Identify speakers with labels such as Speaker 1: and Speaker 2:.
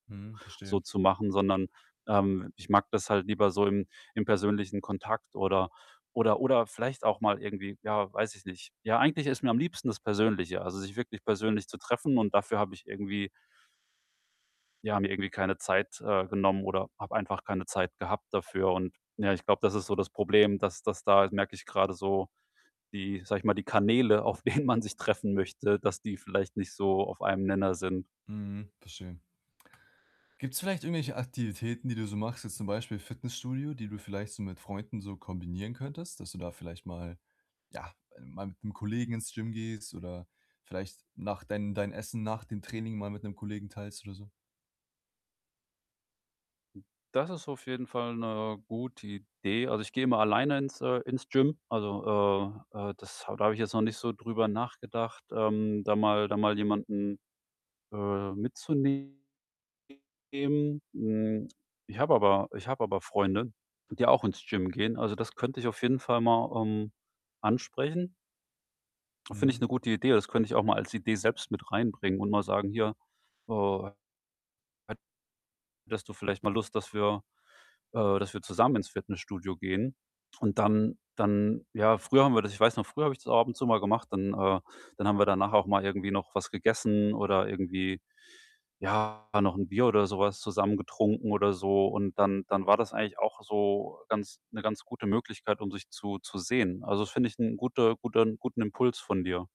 Speaker 1: Mhm,
Speaker 2: So
Speaker 1: verstehe.
Speaker 2: zu machen, sondern, ähm, ich mag das halt lieber so im im persönlichen Kontakt oder oder oder vielleicht auch mal irgendwie ja, weiß ich nicht. Ja, eigentlich ist mir am liebsten das Persönliche, also, sich wirklich persönlich zu treffen und dafür habe ich irgendwie ja, mir irgendwie keine Zeit, äh, genommen, oder habe einfach keine Zeit gehabt dafür und ja, ich glaube, das ist so das Problem, dass dass da, merke ich grade so, die, sage ich mal die Kanäle, auf denen man sich treffen möchte, dass die vielleicht nicht so auf einem Nenner sind.
Speaker 1: Mhm, verstehe. Gibt's vielleicht irgendwelche Aktivitäten, die du so machst, jetzt zum Beispiel Fitnessstudio, die du vielleicht so mit Freunden so kombinieren könntest, dass du da vielleicht mal ja, mal mit 'nem Kollegen ins Gym gehst oder vielleicht nach dein dein Essen nach dem Training mal mit 'nem Kollegen teilst oder so?
Speaker 2: Das ist auf jeden Fall 'ne gute Idee. Also, ich gehe immer alleine ins äh, ins Gym. Also, äh äh, das ha da habe ich jetzt noch nicht so drüber nachgedacht, ähm, da mal da mal jemanden, äh, mitzunehmen. Hm, ich habe aber ich habe aber Freunde, die auch ins Gym gehen. Also, das könnte ich auf jeden Fall mal, ähm, ansprechen. Finde ich
Speaker 1: Mhm.
Speaker 2: 'ne gute Idee. Das könnte ich auch mal als Idee selbst mit reinbringen und mal sagen: „Hier, äh, hättest du vielleicht mal Lust, dass wir äh, dass wir zusammen ins Fitnessstudio gehen?“, und dann dann ja, früher haben wir das ich weiß noch, früher habe ich das auch ab und zu mal gemacht. Dann äh, dann haben wir danach auch mal irgendwie noch was gegessen oder irgendwie, ja, noch 'n Bier oder so was zusammen getrunken oder so, und dann dann war das eigentlich auch so ganz 'ne ganz gute Möglichkeit, um sich zu zu sehen. Also, das finde ich 'n gute guten guten Impuls von dir.